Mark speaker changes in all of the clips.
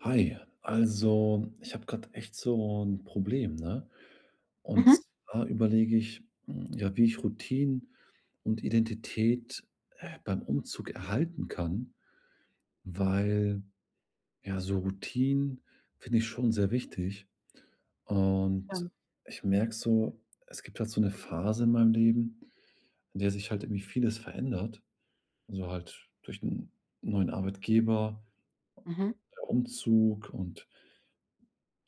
Speaker 1: Hi, also, ich habe gerade echt so ‘n Problem, ne, und
Speaker 2: Mhm.
Speaker 1: zwar überlege ich, hm, ja, wie ich Routinen und Identität, äh, beim Umzug erhalten kann, weil, ja, so Routinen finde ich schon sehr wichtig. Und,
Speaker 2: Ähm.
Speaker 1: ich merke so, es gibt halt so 'ne Phase in meinem Leben, in der sich halt irgendwie vieles verändert, also halt durch 'n neuen Arbeitgeber
Speaker 2: Mhm.
Speaker 1: Umzug und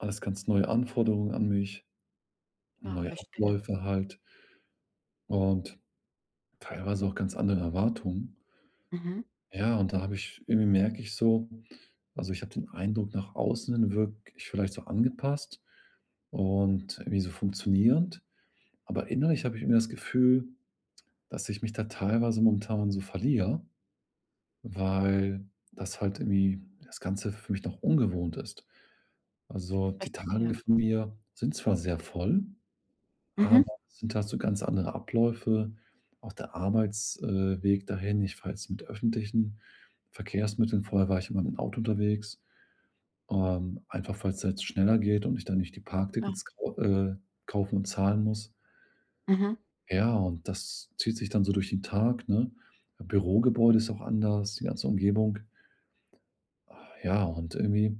Speaker 1: alles ganz neue Anforderungen an mich,
Speaker 2: Ah,
Speaker 1: neue
Speaker 2: verstehe.
Speaker 1: Abläufe halt und teilweise auch ganz andere Erwartungen.
Speaker 2: Mhm.
Speaker 1: Ja, und da habe ich irgendwie merke ich so also ich habe den Eindruck nach außen wirke ich vielleicht so angepasst und wie so funktionierend, aber innerlich habe ich irgendwie das Gefühl, dass ich mich da teilweise momentan so verliere, weil das halt irgendwie das Ganze für mich noch ungewohnt ist. Also, die
Speaker 2: Verstehe.
Speaker 1: Tage von mir sind zwar sehr voll,
Speaker 2: Mhm.
Speaker 1: aber es sind halt so ganz andere Abläufe, auch der Arbeits äh, Weg dahin, ich fahre jetzt mit öffentlichen Verkehrsmitteln. Vorher war ich immer mit 'm Auto unterwegs, ähm, einfach, weil's halt schneller geht und ich dann nicht die
Speaker 2: Ja.
Speaker 1: Parktickets kau äh, kaufen und zahlen muss.
Speaker 2: Mhm.
Speaker 1: Ja, und das zieht sich dann so durch den Tag, ne? Bürogebäude ist auch anders, die ganze Umgebung. Ah ja, und irgendwie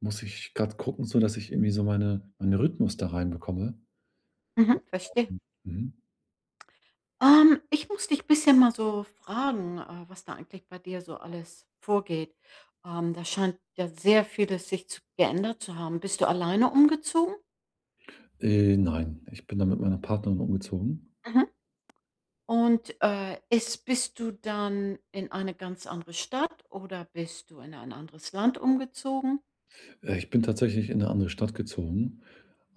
Speaker 1: muss ich gerade gucken, so dass ich irgendwie meine meinen Rhythmus da reinbekomme.
Speaker 2: Mhm, verstehe.
Speaker 1: [unintelligible] Mhm.
Speaker 2: Ähm, ich muss dich bisschen mal so fragen, äh, was da eigentlich bei dir so alles vorgeht. Ähm, da scheint ja sehr vieles sich zu geändert zu haben. Bist du alleine umgezogen?
Speaker 1: Äh, nein, ich bin da mit meiner Partnerin umgezogen.
Speaker 2: Mhm. Und, äh, ist bist du dann in eine ganz andere Stadt oder bist du in ein anderes Land umgezogen?
Speaker 1: Äh, ich bin tatsächlich in 'ne andere Stadt gezogen,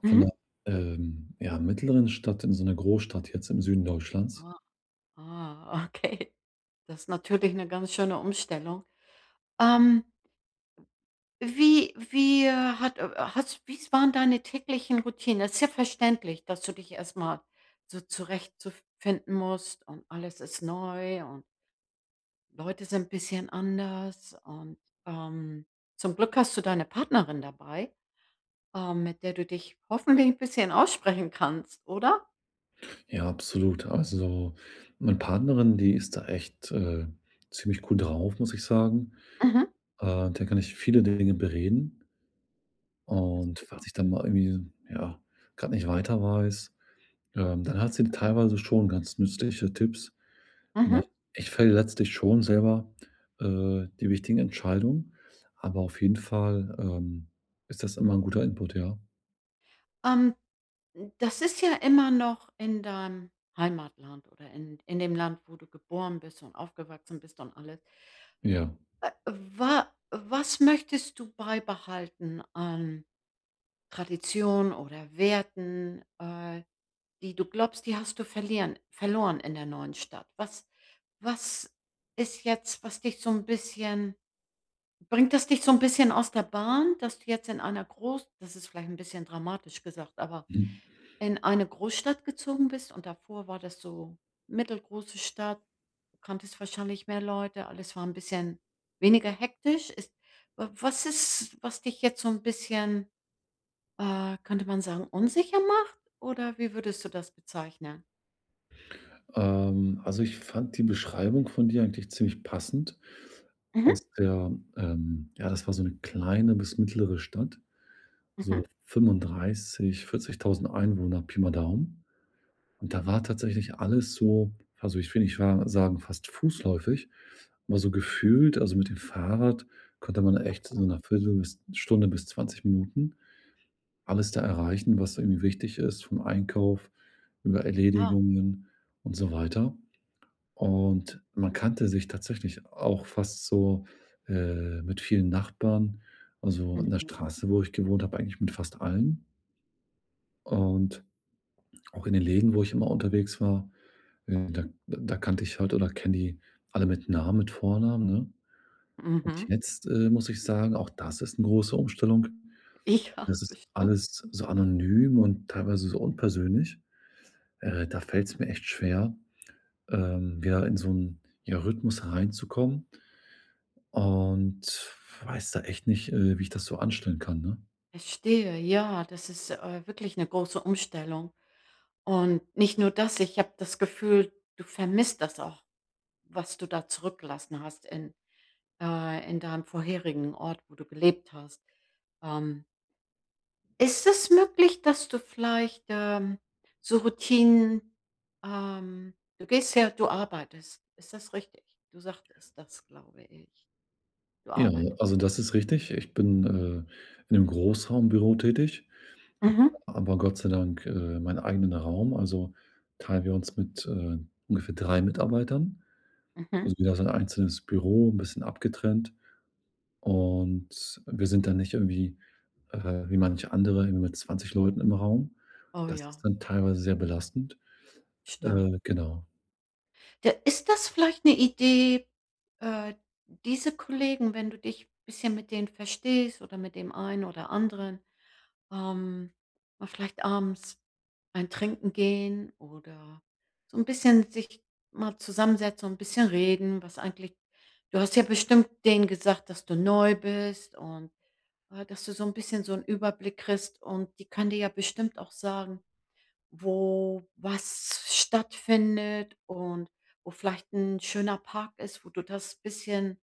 Speaker 1: von
Speaker 2: Mhm.
Speaker 1: 'ner, ähm, ja, mittleren Stadt in so 'ne Großstadt jetzt im Süden Deutschlands.
Speaker 2: Ah, ah, okay. Das ist natürlich 'ne ganz schöne Umstellung. Ähm wie wie, äh, hat, äh, hat's wie's waren deine täglichen Routinen? Das ist ja verständlich, dass du dich erstmal so zurecht zu finden musst und alles ist neu und Leute sind bisschen anders und, ähm, zum Glück hast du deine Partnerin dabei, ähm, mit der du dich hoffentlich 'n bisschen aussprechen kannst, oder?
Speaker 1: Ja, absolut. Also, meine Partnerin, die ist da echt, äh, ziemlich cool drauf, muss ich sagen.
Speaker 2: Mhm.
Speaker 1: Äh, mit der kann ich viele Dinge bereden.
Speaker 2: Ja
Speaker 1: Und,
Speaker 2: super.
Speaker 1: falls ich dann mal irgendwie, ja, grad nicht weiter weiß, ähm, dann hat sie teilweise schon ganz nützliche Tipps. Na,
Speaker 2: Mhm.
Speaker 1: ich fälle letztlich schon selber, äh, die wichtigen Entscheidungen, aber auf jeden Fall, ähm, ist das immer 'n guter Input, ja.
Speaker 2: Ähm, das ist ja immer noch in deinem Heimatland oder in in dem Land, wo du geboren bist und aufgewachsen bist und alles
Speaker 1: Ja.
Speaker 2: äh, wa was möchtest du beibehalten an Tradition oder Werten, äh, die du glaubst, die hast du verlieren verloren in der neuen Stadt? Was was ist jetzt, was dich so ‘n bisschen bringt das dich so ‘n bisschen aus der Bahn, dass du jetzt in einer Gross das ist vielleicht ‘n bisschen dramatisch gesagt, aber
Speaker 1: Mhm.
Speaker 2: in eine Großstadt gezogen bist und davor war das so mittelgroße Stadt, kanntest wahrscheinlich mehr Leute, alles war ‘n bisschen weniger hektisch. Ist wa was ist, was dich jetzt so ‘n bisschen, äh, könnte man sagen, unsicher macht? Oder wie würdest du das bezeichnen?
Speaker 1: Ähm, also, ich fand die Beschreibung von dir eigentlich ziemlich passend.
Speaker 2: Mhm.
Speaker 1: Aus der ähm, ja, das war so ‘ne kleine bis mittlere Stadt. So
Speaker 2: Mhm.
Speaker 1: 35, 40.000 Einwohner Pi mal Daumen. Und, da war tatsächlich alles so, also, ich finde ich war sagen fast fußläufig immer so gefühlt. Also, mit dem Fahrrad konnte man echt so ‘ner
Speaker 2: Aha.
Speaker 1: Viertel bis Stunde bis 20 Minuten, alles da erreichen, was irgendwie wichtig ist vom Einkauf über
Speaker 2: Klar.
Speaker 1: Erledigungen und so weiter. Und man kannte sich tatsächlich auch fast so, äh, mit vielen Nachbarn, also, in der
Speaker 2: Mhm.
Speaker 1: Straße, wo ich gewohnt habe, eigentlich mit fast allen. Und, auch in den Läden, wo ich immer unterwegs war, äh, da da kannte ich halt oder kenne die alle mit Namen, mit Vornamen, ne, und
Speaker 2: Mhm.
Speaker 1: jetzt, äh, muss ich sagen, auch das ist ‘ne große Umstellung,
Speaker 2: Ja,
Speaker 1: das ist
Speaker 2: bestimmt.
Speaker 1: alles so anonym und teilweise so
Speaker 2: Mhm.
Speaker 1: unpersönlich. Äh, da fällt‘s mir echt schwer, ähm, wieder in so ‘n, ja Rhythmus hereinzukommen und weiß da echt nicht, äh, wie ich das so anstellen kann, ne?
Speaker 2: Verstehe, ja, das ist, äh, wirklich 'ne große Umstellung. Und nicht nur das, ich habe das Gefühl, du vermisst das auch, was du da zurückgelassen hast in, äh, in deinem vorherigen Ort, wo du gelebt hast. Ähm ist es möglich, dass du vielleicht, ähm, so Routinen, ähm du gehst ja du arbeitest. Ist das richtig? Du sagtest das, glaube ich. Du
Speaker 1: Ja,
Speaker 2: arbeitest.
Speaker 1: also, das ist richtig. Ich bin, äh, in 'nem Großraumbüro tätig, habe
Speaker 2: Mhm.
Speaker 1: aber Gott sei Dank, äh, meinen eigenen Raum, also, teilen wir uns mit, äh, ungefähr drei Mitarbeitern.
Speaker 2: Mhm.
Speaker 1: Also, jeder so 'n einzelnes Büro 'n bisschen abgetrennt. Und wir sind dann nicht irgendwie, äh, wie manche andere mit 20 Leuten im Raum.
Speaker 2: Oh,
Speaker 1: Das
Speaker 2: ja.
Speaker 1: ist dann teilweise sehr belastend.
Speaker 2: Stimmt.
Speaker 1: Äh, genau.
Speaker 2: Ja, ist das vielleicht 'ne Idee, äh, diese Kollegen, wenn du dich bisschen mit denen verstehst oder mit dem einen oder anderen, ähm, mal vielleicht abends ein Trinken gehen oder so 'n bisschen sich mal zusammensetzen und bisschen reden, was eigentlich du hast ja bestimmt denen gesagt, dass du neu bist und, ja, dass du so 'n bisschen so 'n Überblick kriegst und die kann dir ja bestimmt auch sagen, wo was stattfindet und wo vielleicht 'n schöner Park ist, wo du das bisschen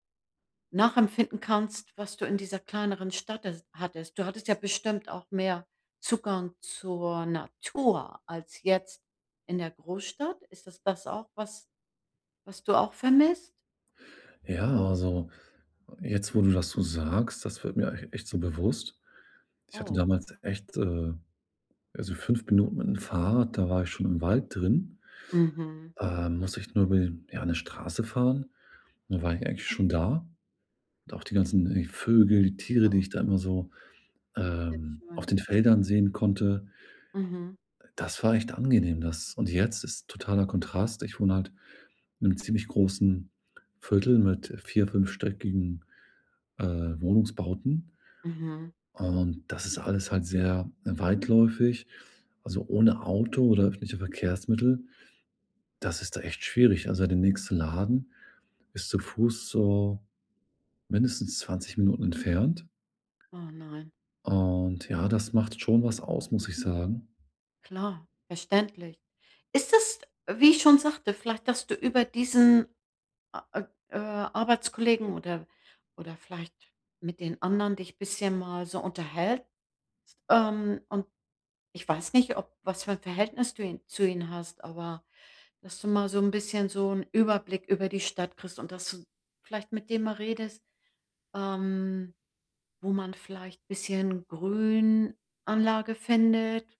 Speaker 2: nachempfinden kannst, was du in dieser kleineren Stadt, äh, hattest. Du hattest ja bestimmt auch mehr Zugang zur Natur als jetzt in der Großstadt. Ist das das auch was was du auch vermisst?
Speaker 1: Ja. Also, jetzt, wo du das so sagst, das wird mir auch echt so bewusst. Ich hatte
Speaker 2: Oh.
Speaker 1: damals echt, äh, also 5 Minuten mit'm Fahrrad, da war ich schon im Wald drin,
Speaker 2: Mhm.
Speaker 1: ähm, musste ich nur über die ja, 'ne Straße fahren. Dann war ich eigentlich schon da. Und auch die ganzen die Vögel, die Tiere, die
Speaker 2: Klar.
Speaker 1: ich da immer so, ähm, auf
Speaker 2: Wildschwein.
Speaker 1: den Feldern sehen konnte.
Speaker 2: Mhm.
Speaker 1: Das war echt angenehm das und jetzt ist totaler Kontrast. Ich
Speaker 2: [unintelligible]
Speaker 1: wohne halt in 'nem ziemlich großen Viertel mit vier fünfstöckigen, äh, Wohnungsbauten.
Speaker 2: Mhm.
Speaker 1: Und das ist alles halt sehr, äh, weitläufig, also ohne Auto oder öffentliche Verkehrsmittel, das ist da echt schwierig. Also, der nächsten Laden ist zu fuß so mindestens 20 Minuten entfernt.
Speaker 2: Oh nein.
Speaker 1: Und ja, das macht schon was aus, muss ich sagen.
Speaker 2: Klar, verständlich. Ist das, wie ich schon sagte, vielleicht, dass du über diesen a äh, äh, Arbeitskollegen, oder oder vielleicht mit den anderen dich bisschen mal so unterhältst, ähm, und, ich weiß nicht, ob was für ein Verhältnis du ihn zu ihnen hast, aber, dass du mal so 'n bisschen so 'n Überblick über die Stadt kriegst und dass du vielleicht mit dem mal redest, ähm, wo man vielleicht ein bisschen Grünanlage findet,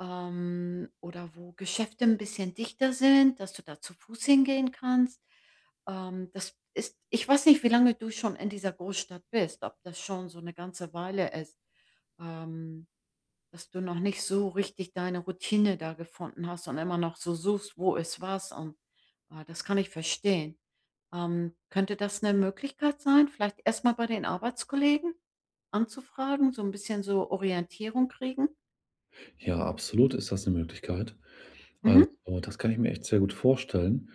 Speaker 2: ähm, oder wo Geschäfte 'n bisschen dichter sind, dass du da zu fuß hingehen kannst. Ähm, das ist ich weiß nicht, wie lange du schon in dieser Großstadt bist, ob das schon so 'ne ganze Weile ist, ähm, dass du noch nicht so richtig deine Routine da gefunden hast, und immer noch so suchst, wo ist was und, ah, das kann ich verstehen. Ähm, könnte das 'ne Möglichkeit sein, vielleicht erstmal bei den Arbeitskollegen anzufragen, so 'n bisschen so Orientierung kriegen?
Speaker 1: Ja, absolut ist das ‘ne Möglichkeit. Also,
Speaker 2: Mhm.
Speaker 1: das kann ich mir echt sehr gut vorstellen.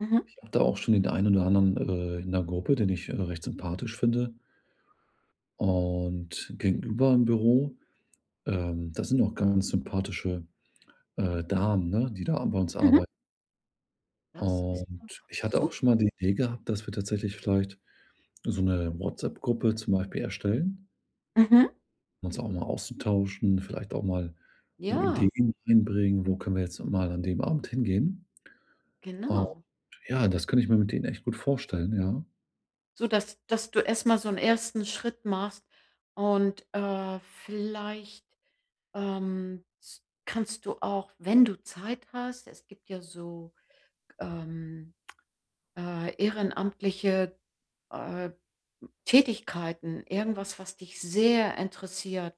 Speaker 2: Mhm.
Speaker 1: Ich hatte auch schon in der ein oder anderen äh, in ‘ner Gruppe, den ich, äh, recht sympathisch finde und gegenüber im Büro, ähm, da sind auch ganz sympathische, äh, Damen, ne, die da a bei uns
Speaker 2: Mhm.
Speaker 1: arbei
Speaker 2: Das ist
Speaker 1: Und
Speaker 2: doch
Speaker 1: ich hatte auch schon
Speaker 2: super.
Speaker 1: mal die Idee gehabt, dass wir tatsächlich vielleicht so ‘ne WhatsApp-Gruppe zum Beispiel erstellen
Speaker 2: Mhm.
Speaker 1: um uns auch mal auszutauschen, vielleicht auch mal so
Speaker 2: Ja.
Speaker 1: Ideen einbringen: „Wo können wir jetzt noch mal an dem Abend hingehen?“ Und
Speaker 2: Genau.
Speaker 1: ja, das kann ich mir mit denen echt gut vorstellen, ja.
Speaker 2: So dass dass du erstmal so 'n ersten Schritt machst und, äh, vielleicht, ähm, s kannst du auch, wenn du Zeit hast es gibt ja so, ähm, äh, ehrenamtliche, äh, Tätigkeiten, irgendwas, was dich sehr interessiert.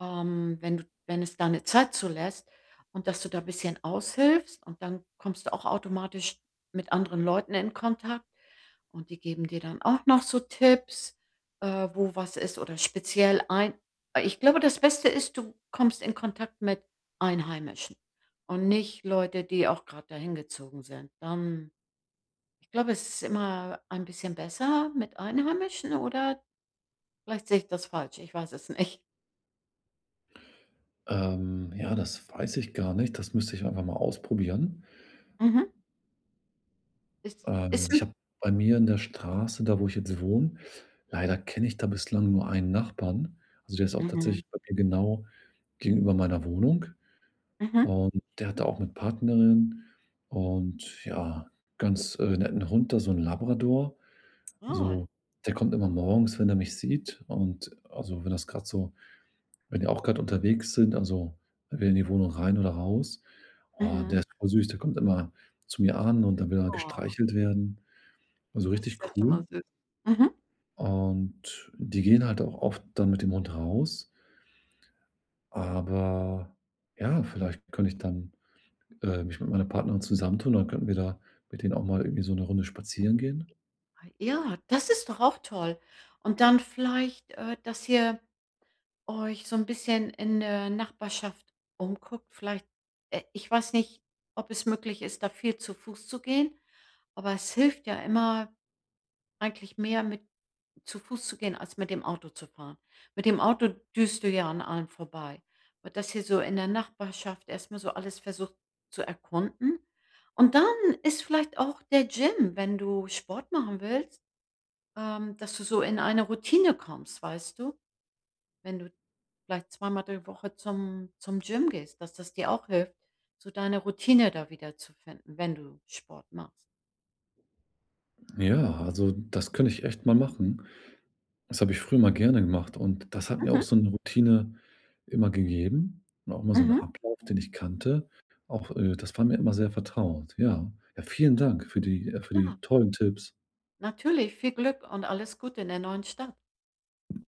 Speaker 2: Ähm, wenn du wenn es deine Zeit zulässt und dass du da bisschen aushilfst, und dann kommst du auch automatisch mit anderen Leuten in Kontakt, und die geben dir dann auch noch so Tipps, äh, wo was ist oder speziell ein ich glaube, das Beste ist, du kommst in Kontakt mit Einheimischen und nicht Leute, die auch gerade da hingezogen sind. Ähm, ich glaube, es ist immer ein bisschen besser mit Einheimischen, oder? Vielleicht sehe ich das falsch, ich weiß es nicht.
Speaker 1: Ähm, ja, das weiß ich gar nicht. Das müsste ich einfach mal ausprobieren.
Speaker 2: Mhm. Es
Speaker 1: Ähm,
Speaker 2: ist
Speaker 1: ich
Speaker 2: 'n
Speaker 1: habe bei mir in der Straße, da, wo ich jetzt wohne leider kenne ich da bislang nur einen Nachbarn. Also der ist auch
Speaker 2: Mhm.
Speaker 1: tatsächlich bei mir genau gegenüber meiner Wohnung.
Speaker 2: Mhm.
Speaker 1: Und der hat da auch 'ne Partnerin und ja, ganz, äh, netten Hund, da, so 'n Labrador.
Speaker 2: Ah.
Speaker 1: Also, der kommt immer morgens, wenn er mich sieht und also wenn das grad so wenn wir auch grad unterwegs sind, also wenn wir in die Wohnung rein oder raus. Oh,
Speaker 2: Mhm.
Speaker 1: der ist voll süß. Der kommt immer zu mir an und dann will er
Speaker 2: Oh.
Speaker 1: gestreichelt werden. Und so
Speaker 2: Das
Speaker 1: richtig
Speaker 2: ist ja schon mal
Speaker 1: cool.
Speaker 2: süß. Mhm.
Speaker 1: Und die gehen halt auch oft dann mit dem Hund raus. Aber ja, vielleicht könnte ich dann, äh, mich mit meiner Partnerin zusammen tun und dann könnten wir da mit denen auch mal irgendwie so 'ne Runde spazieren gehen.
Speaker 2: Ja, das ist doch auch toll. Und dann vielleicht, äh, dass ihr euch so 'n bisschen in der Nachbarschaft umguckt. Vielleicht, äh ich weiß nicht, ob es möglich ist, da viel zu Fuß zu gehen, aber es hilft ja immer, eigentlich mehr mit zu Fuß zu gehen, als mit dem Auto zu fahren. Mit dem Auto düst du ja an allem vorbei. Und dass ihr so in der Nachbarschaft erstmal so alles versucht zu erkunden. Und dann ist vielleicht auch der Gym, wenn du Sport machen willst, ähm, dass du so in eine Routine kommst, weißt du? Wenn du vielleicht zweimal die Woche zum zum Gym gehst, dass das dir auch hilft, so deine Routine da wiederzufinden, wenn du Sport machst.
Speaker 1: Ja. Also, das könnte ich echt mal machen. Das habe ich früher immer gerne gemacht, und das hat mir auch
Speaker 2: Mhm.
Speaker 1: so 'ne Routine immer gegeben und auch immer so 'n
Speaker 2: Mhm.
Speaker 1: Ablauf, den ich kannte. Auch äh, das war mir immer sehr vertraut. Ja, ja, vielen Dank für die für
Speaker 2: Klar.
Speaker 1: die tollen Tipps.
Speaker 2: Natürlich, viel Glück und alles Gute in der neuen Stadt.
Speaker 1: [unintelligible]